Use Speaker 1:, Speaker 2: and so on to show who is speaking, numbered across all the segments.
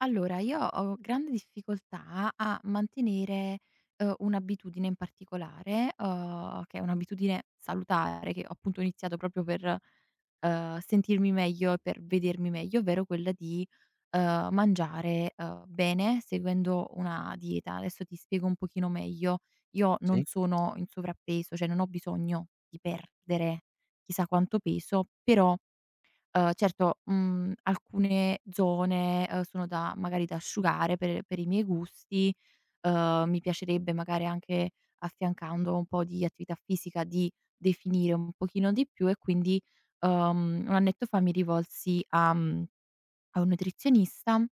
Speaker 1: Allora, io ho grande difficoltà a mantenere, uhm, un'abitudine in particolare, uhm, che è un'abitudine salutare, che, appunto, ho iniziato proprio per, uhm, sentirmi meglio e per vedermi meglio, ovvero quella di, uhm, mangiare, uhm, bene seguendo una dieta. Adesso ti spiego un pochino meglio. Io non
Speaker 2: Sì.
Speaker 1: sono in sovrappeso, cioè, non ho bisogno di perdere chissà quanto peso, però, uhm, certo, mhmm, alcune zone, uhm, sono da magari, da asciugare per per i miei gusti. Uhm, mi piacerebbe, magari, anche affiancando un po' di attività fisica, di definire un pochino di più e quindi, uhm, 1 annetto fa mi rivolsi a, mhmm, a un nutrizionista. Uhm,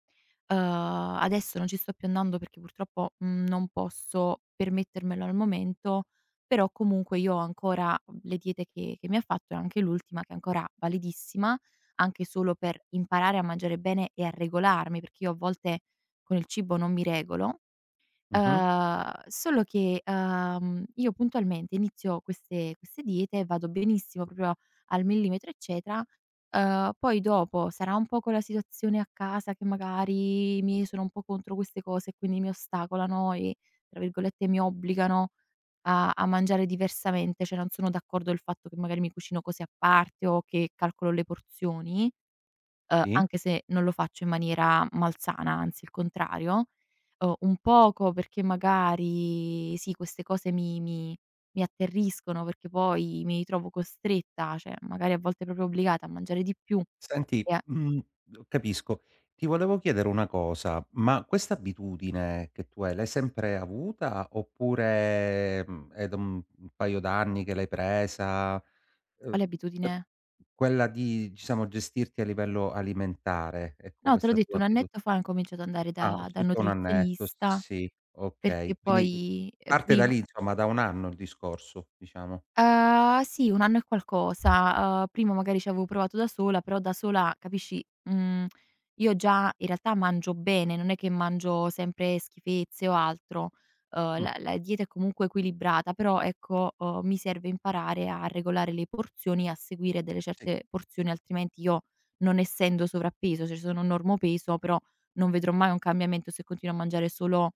Speaker 1: adesso non ci sto più andando, perché purtroppo, mhmm, non posso permettermelo al momento, però, comunque, io ho ancora, uhm, le diete che che mi ha fatto e anche l'ultima, che è ancora validissima, anche solo per imparare a mangiare bene e a regolarmi, perché io a volte con il cibo non mi regolo.
Speaker 2: Mh-mh.
Speaker 1: Uhm, solo che, uhm, io, puntualmente, inizio queste queste diete e vado benissimo, proprio al millimetro, eccetera, uhm, poi, dopo, sarà un po' quella situazione a casa, che, magari, i miei sono un po' contro queste cose e quindi mi ostacolano e tra virgolette "mi obbligano" a a mangiare diversamente. Cioè non sono d'accordo, il fatto che, magari, mi cucino così a parte o che calcolo le porzioni, uhm,
Speaker 2: Sì.
Speaker 1: anche se non lo faccio in maniera malsana, anzi, il contrario. Uhm, un poco perché, magari, sì, queste cose mi mi mi atterriscono, perché poi mi ritrovo costretta, cioè, magari, a volte, proprio obbligata a mangiare di più
Speaker 2: Senti,
Speaker 1: e a
Speaker 2: mhmm, capisco. Ti volevo chiedere 1 cosa. Ma questa abitudine che tu hai, l'hai sempre avuta? Oppure, mhmm, è d mhmm, un paio d'anni che l'hai presa?
Speaker 1: Quale
Speaker 2: Uhm, t
Speaker 1: abitudine?
Speaker 2: quella di diciamo, gestirti a livello alimentare, ecco,
Speaker 1: No, te l'ho
Speaker 2: questa
Speaker 1: detto,
Speaker 2: tua
Speaker 1: un
Speaker 2: abitu
Speaker 1: annetto fa, ho incominciato ad andare
Speaker 2: Ah,
Speaker 1: da dal
Speaker 2: circa 1 annetto,
Speaker 1: nutrizionista.
Speaker 2: sì,
Speaker 1: Perché
Speaker 2: okay. Quindi
Speaker 1: poi, uhm,
Speaker 2: parte da
Speaker 1: prima
Speaker 2: lì, insomma, da 1 anno il discorso, diciamo.
Speaker 1: Uhm, sì, 1 anno e qualcosa. Uhm, prima, magari, c'avevo provato da sola, però da sola, capisci mhmm, io già, in realtà, mangio bene, non è che mangio sempre schifezze o altro. Uhm,
Speaker 2: Mh.
Speaker 1: la la dieta è comunque equilibrata, però, ecco, uhm, mi serve imparare a regolare le porzioni e a seguire delle
Speaker 2: Sì.
Speaker 1: certe porzioni, altrimenti io, non essendo sovrappeso, cioè, sono normopeso però non vedrò mai un cambiamento se continuo a mangiare solo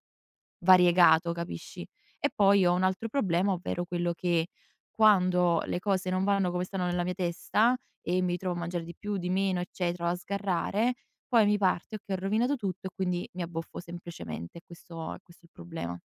Speaker 1: variegato, capisci? E poi ho 1 altro problema, ovvero quello che, quando le cose non vanno come stanno nella mia testa e mi trovo a mangiare di più, di meno, eccetera, o a sgarrare, poi mi parte: "Okay, ho rovinato tutto." E quindi mi abboffo, semplicemente. È questo è questo il problema.